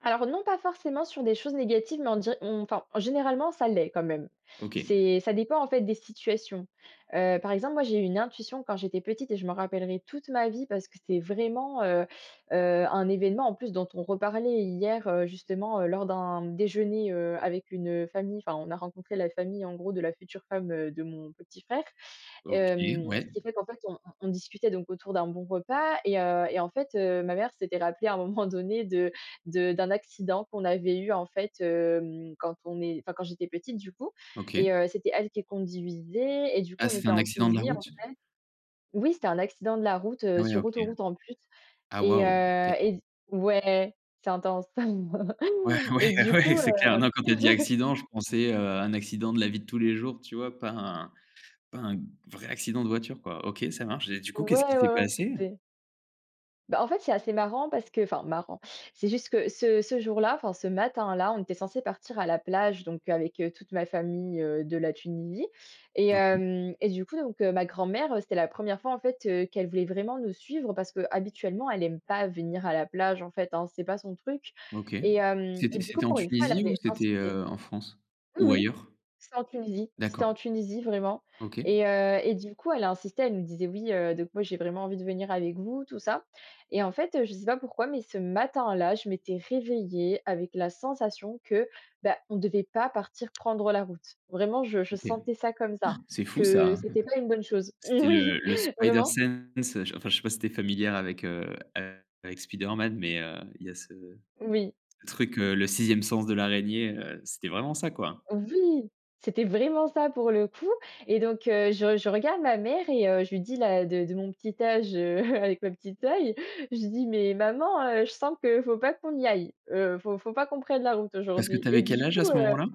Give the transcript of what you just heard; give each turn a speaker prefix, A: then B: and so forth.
A: Alors non, pas forcément sur des choses négatives, mais on dir on enfin, généralement, ça l'est quand même.
B: OK.
A: C'est, ça dépend, en fait, des situations. Heu, par exemple, moi, j'ai eu une intuition quand j'étais petite et je m'en rappellerai toute ma vie parce que c'est vraiment, heu heu, un événement, en plus, dont on reparlait hier, heu, justement, heu, lors d'un déjeuner, heu, avec une, heu, famille. Enfin, on a rencontré la famille, en gros, de la future femme, heu, de mon petit frère.
B: OK,
A: Hem,
B: ouais.
A: ce qui fait qu'en fait, on on discutait donc autour d'un bon repas et heu et en fait, heu, ma mère s'était rappelée à un moment donné, de de d'un accident qu'on avait eu, en fait. Hem, quand on est enfin, quand j'étais petite du coup
B: OK.
A: et heu, c'était elle qui conduisait et du
B: Ah
A: coup, on
B: c'était
A: était
B: un
A: en
B: accident de la
A: Tunisie, en
B: route?
A: fait. Oui, c'était un accident de la route, heu,
B: Ouais,
A: sur
B: OK.
A: autoroute, en plus et
B: Waouh. Tu
A: heu
B: es
A: et z ouais, c'est intense.
B: Ouais,
A: Et
B: ouais,
A: du
B: ouais,
A: coup,
B: c'est
A: heu
B: clair, non, quand tu as dit accident, je pensais, heu, un accident de la vie de tous les jours, tu vois, pas un pas un vrai accident de voiture, quoi. OK, ça marche. Et du
A: Ouais,
B: coup, qu'est-ce qui
A: ouais,
B: s'est
A: ouais, ouais,
B: passé?
A: c'est bah, en fait, c'est assez marrant parce que enfin, marrant, c'est juste que ce ce jour-là enfin, ce matin-là, on était censés partir à la plage, donc avec, heu, toute ma famille, heu, de la Tunisie. Et
B: Doki.
A: heu et du coup, donc ma grand-mère, heu, c'était la 1re fois, en fait, heu, qu'elle voulait vraiment nous suivre parce qu'habituellement, elle aime pas venir à la plage, en fait, hein. C'est pas son truc
B: OK.
A: et hem et
B: C'était
A: du coup,
B: c'était en
A: pour une fois, elle
B: Tunisie ou
A: avait
B: c'était,
A: insisté.
B: heu, en France?
A: Oui
B: Ou
A: oui,
B: ailleurs?
A: c'était en Tunisie c'était
B: D'accord.
A: en Tunisie, vraiment.
B: OK.
A: Et heu et du coup, elle a insisté. Elle nous disait: «Oui, heu, donc moi, j'ai vraiment envie de venir avec vous», tout ça. Et en fait, heu, je sais pas pourquoi, mais ce matin-là, je m'étais réveillée avec la sensation que, bah, on devait pas partir prendre la route. Vraiment, je je
B: OK.
A: sentais ça comme
B: Han,
A: ça,
B: c'est fou ça,
A: que
B: hein.
A: c'était pas une bonne chose.
B: C'était
A: Oui,
B: le le
A: vraiment.
B: Spider-Sense. Enfin, je sais pas si tu es familière avec, heu, avec Spider-Man, mais, heu, il y a ce
A: Oui.
B: truc, le 6e sens de l'araignée, heu, c'était vraiment ça, quoi.
A: Oui, c'était vraiment ça, pour le coup. Et donc heu, je je regarde ma mère et heu, je lui dis, là, de de de mon petit âge, heu, avec ma petit œil, je lui dis: «Mais maman, heu, je sens qu'il faut pas qu'on y aille, heu. Faut faut pas qu'on prenne la route
B: Parce que
A: aujourd'hui».
B: tu
A: Et
B: avais quel
A: du
B: âge à
A: coup,
B: ce
A: heu
B: moment-là?